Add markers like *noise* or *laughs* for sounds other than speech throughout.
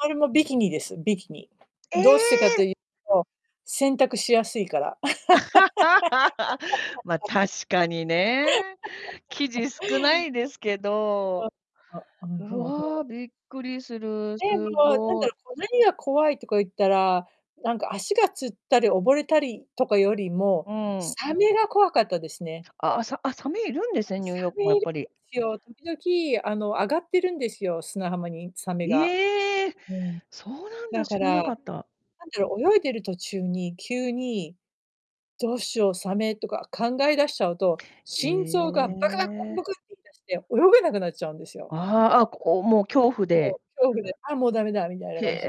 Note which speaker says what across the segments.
Speaker 1: それもビキニです、ビキニ。
Speaker 2: え
Speaker 1: どうしてかと
Speaker 2: え！
Speaker 1: ゆ、と、洗濯しやすいから。
Speaker 2: *laughs* ま、
Speaker 1: *laughs*
Speaker 2: 確かにね。生
Speaker 1: *laughs*
Speaker 2: 地少ないですけど。
Speaker 1: そう。あ、うん、
Speaker 2: う
Speaker 1: そうそ
Speaker 2: わ、
Speaker 1: う。
Speaker 2: びっくりする。
Speaker 1: で
Speaker 2: す
Speaker 1: も、なんだ
Speaker 2: ごい。
Speaker 1: ろ、こう、なにが怖いとか言ったら、なんか、足がつったり溺れたりとかよりも、
Speaker 2: うん。
Speaker 1: サメが怖かったですね。
Speaker 2: ああ、さあ、サメいるんですね、ニュ
Speaker 1: サ
Speaker 2: ーヨークも、
Speaker 1: メ
Speaker 2: や
Speaker 1: い
Speaker 2: っ
Speaker 1: る
Speaker 2: ぱり。
Speaker 1: すよ、時々、あの、上がってるんですよ、砂浜にサメ
Speaker 2: い
Speaker 1: が。
Speaker 2: ええ！
Speaker 1: うん。
Speaker 2: そうなん
Speaker 1: だ
Speaker 2: だ、
Speaker 1: か
Speaker 2: 知らな
Speaker 1: ら、な
Speaker 2: か
Speaker 1: ん
Speaker 2: った。
Speaker 1: だろう、泳いでる途中に、急に「どうしようサメ」とか考え出しちゃうと、
Speaker 2: へ
Speaker 1: 心臓がバクバクバクバ
Speaker 2: え。
Speaker 1: クっていい出して、泳げなくなっちゃうんですよ。
Speaker 2: ああ、あ、ここもう、恐怖
Speaker 1: もう、
Speaker 2: で。
Speaker 1: 恐怖で、あ、もうダメだ、みたいな
Speaker 2: へ
Speaker 1: 感じ。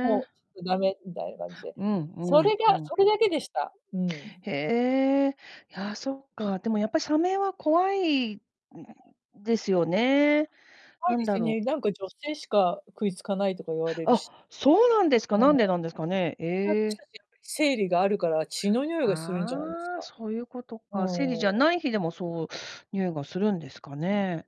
Speaker 1: もう、ちょっとダメみたいな感じで、
Speaker 2: うん
Speaker 1: そ
Speaker 2: う
Speaker 1: れ
Speaker 2: んう
Speaker 1: が
Speaker 2: ん。
Speaker 1: それだけでした、うん。
Speaker 2: へえ。や、そっか。でも、やっぱ、サメは怖いんですよね？
Speaker 1: 怖い
Speaker 2: なん
Speaker 1: です
Speaker 2: だろう
Speaker 1: ね。なんか、女性しか食いつかないとか言われる
Speaker 2: あ、
Speaker 1: し。
Speaker 2: そうなんですか？
Speaker 1: うん。
Speaker 2: な
Speaker 1: そ
Speaker 2: んでなんですかね。え
Speaker 1: りゃあたし
Speaker 2: え。
Speaker 1: たちやっぱり生理があるから血の匂いがするんじゃないです
Speaker 2: ああ、
Speaker 1: か？
Speaker 2: そうゆうこと
Speaker 1: う
Speaker 2: か。生理
Speaker 1: ー
Speaker 2: じゃ
Speaker 1: ん。
Speaker 2: ない日でも、そう、匂いがするんですかね？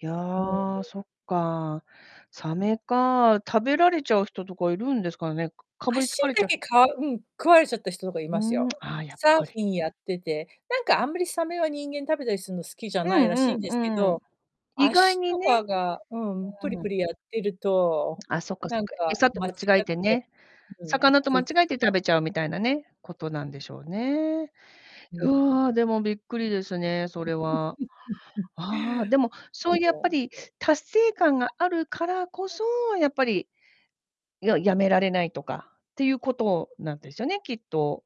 Speaker 2: いや、
Speaker 1: うん。
Speaker 2: そっか、サメか。食べられちゃう人とかいるんですかね？かかぶりつ
Speaker 1: 足
Speaker 2: かれち
Speaker 1: だ
Speaker 2: ゃう
Speaker 1: け、
Speaker 2: 人
Speaker 1: かわうん、食われちゃった人とかい
Speaker 2: ふー
Speaker 1: ます
Speaker 2: ん、
Speaker 1: よ、
Speaker 2: ああ、やっ
Speaker 1: サーフ
Speaker 2: ぱり。
Speaker 1: ィンやってて。なんか、あんまり、サメは人間食べたりすんの好きじゃ
Speaker 2: う
Speaker 1: ない
Speaker 2: ん
Speaker 1: らし
Speaker 2: う
Speaker 1: いん
Speaker 2: ん。
Speaker 1: ですけ
Speaker 2: うー
Speaker 1: ど、
Speaker 2: ん。意外
Speaker 1: 足
Speaker 2: に
Speaker 1: と
Speaker 2: ね。
Speaker 1: かが、うん、プリ
Speaker 2: うー
Speaker 1: プ
Speaker 2: ん。
Speaker 1: リやってると、
Speaker 2: あ、そっか
Speaker 1: な
Speaker 2: そっ
Speaker 1: ん
Speaker 2: か、
Speaker 1: か
Speaker 2: 餌と
Speaker 1: 間違っ
Speaker 2: 間違え
Speaker 1: て、
Speaker 2: てね。
Speaker 1: うん、
Speaker 2: 魚と
Speaker 1: 食
Speaker 2: 間
Speaker 1: い
Speaker 2: 違
Speaker 1: つい
Speaker 2: えて食
Speaker 1: た。
Speaker 2: べちゃうみたいなね、ことなんでしょうね。
Speaker 1: うー
Speaker 2: うわ
Speaker 1: ん。
Speaker 2: あ、でもびっくりですね、それは。
Speaker 1: *chuckles*
Speaker 2: ああ、でも、
Speaker 1: な
Speaker 2: そ
Speaker 1: ん
Speaker 2: う、
Speaker 1: で
Speaker 2: やっぱり達成感があるからこそ、やっぱり、いや、止められないとかってゆうことなんですよね、きっと。